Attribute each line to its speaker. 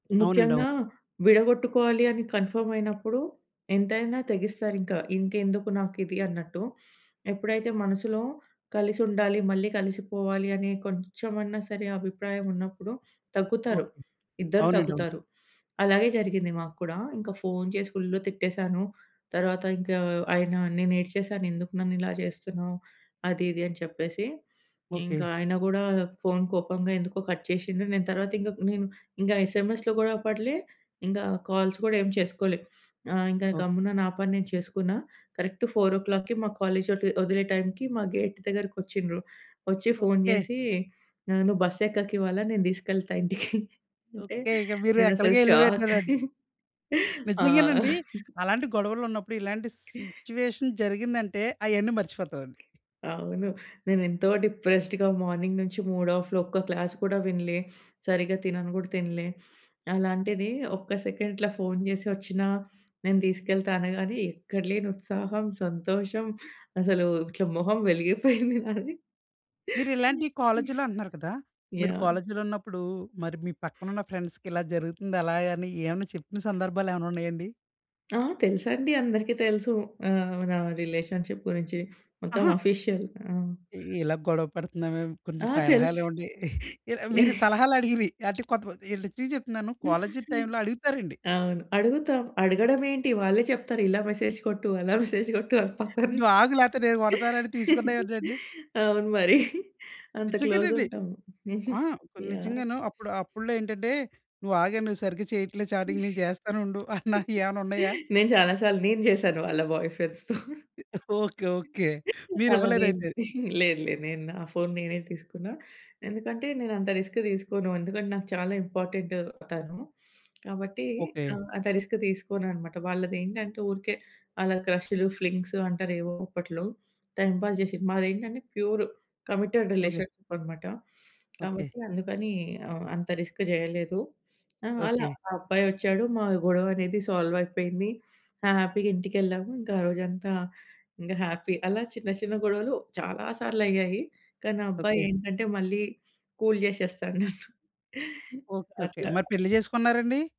Speaker 1: అవునండీ.
Speaker 2: ముఖ్యంగా
Speaker 1: అవును.
Speaker 2: విడగొట్టుకోవాలి అని కన్‌ఫామ్ అయినప్పుడు ఎంతైనా తెగిస్తారు. ఇంకా ఇంకెందుకు నాకు ఇది అన్నట్టు. ఎప్పుడైతే మనసులో కలిసుండాలి, మళ్ళీ కలిసిపోవాలి అని కొంచెమన్నా సరే! అభిప్రాయం ఉన్నప్పుడు తగ్గుతారు.
Speaker 1: ఓకే.
Speaker 2: ఇద్దరు
Speaker 1: అవునండీ. అవును.
Speaker 2: తగ్గుతారు. అలాగే జరిగింది మాకు కూడా. ఇంకా ఫోను చేసి ఫుల్ తిట్టేసాను. తర్వాత ఇంకా ఆయన నేను ఏడ్చేశాను. ఎందుకు నన్ను ఇలా చేస్తున్నావు, అది ఇది అని చెప్పేసి.
Speaker 1: ఓకే.
Speaker 2: ఇంకా ఆయన గూడా ఫోను కోపంగా ఎందుకో కట్ చేషిండు. నేను తరువాత ఇంగా నిన్ ఇంగా ఎస్ఎంఎస్‌లో కూడా అప్పట్లే ఇంగా కాల్స్ కూడా ఏం చేసుకోలే. ఆహ్, ఇంగా
Speaker 1: ఓకే.
Speaker 2: గమ్మున నా పని నేను చేసుకున్న. కరెక్ట్ 4కి మా కాలేజీ వదే వదిలే టైంకి మా గేట్ దగ్గరకి ఒచ్చిండ్రు. ఒచ్చి ఫోను
Speaker 1: ఓకే.
Speaker 2: చేసి ఆహ్, "నువ్వు బస్సు ఎక్కకివ్వాల, నేను తీసుకెళ్తా ఇంటికి" అంటే,
Speaker 1: ఓకే. ఇగ మీరు
Speaker 2: నేనసలు
Speaker 1: ఎక్కడికో
Speaker 2: షాక్.
Speaker 1: ఎళ్లిపోయివుంట్టారండి.
Speaker 2: ఆ!
Speaker 1: నిజంగానండి. అలాంటి గొడవలు ఉన్నప్పుడు ఇలాంటి సిట్యుయేషన్ జరిగిందంటే అవన్నీ మర్చిపోతావండి.
Speaker 2: అవును. నేను ఎంతో డిప్రెస్డ్‌గా మార్నింగ్ నుంచి మూడ్ ఆఫ్‌లో ఒక్క క్లాస్ కూడా వినలే. సరిగ్గా తినను గూడా తినలే. అలాంటిది ఒక్క సెకండ్ ఇట్లా ఫోను చేసి వచ్చినా, నేను తీసుకెళ్తా అనగాని ఎక్కడ లేని ఉత్సాహం, సంతోషం అసలు ఇట్లా మొహం వెలిగిపోయింది నాది.
Speaker 1: మీరు ఇలాంటి
Speaker 2: హ్మ్.
Speaker 1: కాలేజీలో అంటున్నారు కదా! మీరు
Speaker 2: యాహ్!
Speaker 1: కాలేజీలో ఉన్నప్పుడు మరి మీ పక్కనున్న ఫ్రెండ్స్‌కి ఇలా జరుగుతుంది, అలా అని ఏమైనా చెప్పిన సందర్భాలేమన్నా ఉన్నాయండి?
Speaker 2: ఆ! తెలుసండి. అందరికీ తెలుసు. ఆహ్, నా రిలేషన్‌షిప్ గురించి మొత్తం
Speaker 1: అహా!
Speaker 2: ఆఫీషియల్. ఆ!
Speaker 1: ఇలా గొడవ పడుతున్నామే, కొంచెం
Speaker 2: ఆ!
Speaker 1: సలహాలు
Speaker 2: తెలుసు.
Speaker 1: ఇవ్వండి. ఇలా మీరు సలహాలు అడిగిరి అంటే కొంతమంది నిజం చెప్తున్నాను. కాలేజీ
Speaker 2: హుహు.
Speaker 1: టైమ్‌లో అడుగుతారండి.
Speaker 2: అవును. అడుగుతాం. అడగడం ఏంటి, వాళ్ళే చెప్తారు. ఇలా మెసేజ్ కొట్టు అలా మెసేజ్ కొట్టు అని పక్కన నుంచి.
Speaker 1: డ్వాగ్ లేతే నేను కొడతాను అని తీసుకున్నాయి ఉన్నాయండి.
Speaker 2: అవును మరి. అంత క్లోజ్
Speaker 1: నిజంగానండి.
Speaker 2: ఉంటాము.
Speaker 1: ఆ!
Speaker 2: యాహ్!
Speaker 1: నిజంగాను. అప్పుడు అప్పుడులో ఏంటంటే నువ్వు ఆగే, నువ్వు సరిగ్గా చేయట్లేదు. చాటింగ్ నేను చేస్తానుండు అన్న ఏమన్నా ఉన్నాయా?
Speaker 2: నేను చాలా సార్లు నేను చేశాను వాళ్ళ బాయ్‌ఫ్రెండ్స్‌తో.
Speaker 1: ఓకే. ఓకే. మీరు
Speaker 2: అలా
Speaker 1: ఇవ్వలేదు
Speaker 2: నేను
Speaker 1: అయితే?
Speaker 2: లేదు లేదు. నేను నా ఫోను నేనే తీసుకున్నా. ఎందుకంటే నేను అంత రిస్క్ తీసుకోను. ఎందుకంటే నాకు చాలా ఇంపార్టెంట్ తను. కాబట్టి
Speaker 1: ఓకే.
Speaker 2: ఆహ్, అంత రిస్క్ తీసుకోను అన్నమాట. వాళ్ళది ఏంటంటే ఊరికే అలా క్రషులు, ఫ్లింగ్స్ అంటారు. ఏవో అప్పట్లో టైమ్ పాస్ చేసింది. మాది ఏంటంటే ప్యూర్ కమిటెడ్
Speaker 1: ఓకే.
Speaker 2: రిలేషన్‌షిప్ అనమాట.
Speaker 1: ఓకే.
Speaker 2: కాబట్టి అందుకని ఆహ్, అంత రిస్క్ చేయలేదు. ఆ! అలా
Speaker 1: ఓకే.
Speaker 2: ఆ అబ్బాయి ఒచ్చాడు. మా గొడవ అనేది సాల్వ్ అయిపోయింది. ఆ! హ్యాపీగా ఇంటికెళ్ళాము. ఇంకా ఆరోజంతా ఇంగా హ్యాపీ అలా చిన్న చిన్న గొడవలు చాలా సార్లు అయ్యాయి. కానీ ఆ అబ్బాయి
Speaker 1: ఓకే.
Speaker 2: ఏంటంటే, మళ్ళీ కూల్ జేసేస్తాడు నన్ను.
Speaker 1: ఓకే. ఓకే. మరి
Speaker 2: అట్లా
Speaker 1: పెళ్లి చేసుకున్నారండి?